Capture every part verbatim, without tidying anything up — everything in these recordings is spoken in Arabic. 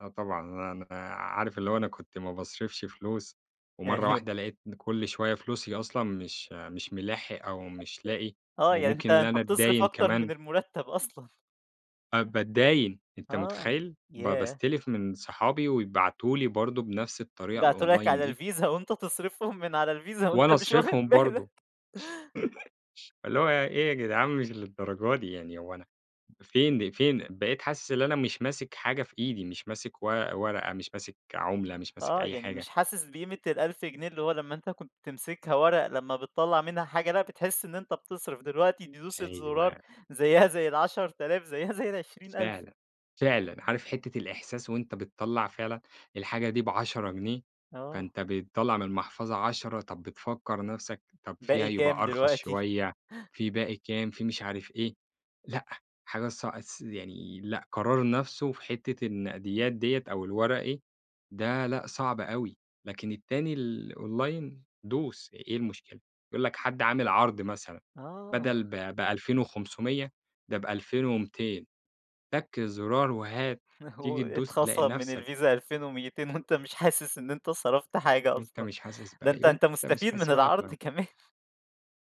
آه طبعًا. أنا عارف اللي هو أنا كنت ما باصرفش فلوس ومرّة يعني واحدة [unintelligible] لقيت إن كل شوية فلوسي أصلًا مش مش مِلاحق أو أ مش لاقي أ آه. يعني أنت وممكن اللي أنت أنا بتصرف أتداين أكتر من كمان. المُرتَّب أصلًا. آه باتداين، أنت آه. مُتخيّل؟ ب ياه! باستلف من صحابي ويبعتوا لي برضه بنفس الطريقة يبعتوا لك الonline على دي. الفيزا وأنت تصرفهم من على الفيزا وأنت وأنا مش واخِد أصرفهم برضه. بالك. اللي هو إيه يا جدعان مش للدرجة دي؟ يعني هو أنا فين فين؟ بقيت حاسس إن أنا مش ماسِك حاجة في إيدي، مش ماسِك و ورقة، مش ماِسك عُملة، مش ماسِك آه. أي يعني حاجة. مش حاسس بقيمة الألف جنيه، اللي هو لمّا أنت كنت تمسكها وَرَق لمّا بتطلع منها حاجة لأ، بتحِس إن أنت بتصرف، دلوقتي دوسة زُرار أيوه. زيّها زي العَشَر آلاف، زّيها زي العشرين ألف. فعلًا. فعلًا. عارف حتّة الإحساس وأنت بتطلّع فعلًا الحاجة دي بعشرة جنيه، آه. فأنت بتطلّع من المحفظة عشرة، طب بتفكّر نفسك طب فيها باقي يبقى كام أرخص دلوقتي؟ شوية، في باقي كام؟ في مش عارف إيه لأ، حاجة ص س يعني لأ، قرار نفسه في حتّة النقديات ديّة أو الوَرَقي، ده لأ صعبة أوي، لكن التاني ال الonline دوس إيه المشكلة؟ يقول لك حد عامل عرض مثلًا آه. بَدَل ب بألفين وخُمسمية، ده بألفين وميّتين. تَك زُرار وهات، هو تيجي تدوس تلاقي اتخصم من نفسك الفيزا ألفين وميّتين وأنت مش حاسس إن أنت صرفت حاجة وأنت أصلًا، مش حاسس ده بأي أنت وأنت أنت مش مستفيد من حاسس ولا العرض [unintelligible] كمان.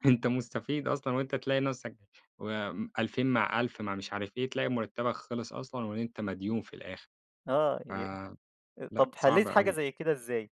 أنت مستفيد أصلًا، وأنت تلاقي نفسك وم ألفين مع ألف مع مش عارف إيه، تلاقي مُرتَّبك خِلِص أصلًا وأنت مديون في الآخر. آه. ف ي أ لأ طب صعب حلّيت حاجة أوي. زي كده إزاي؟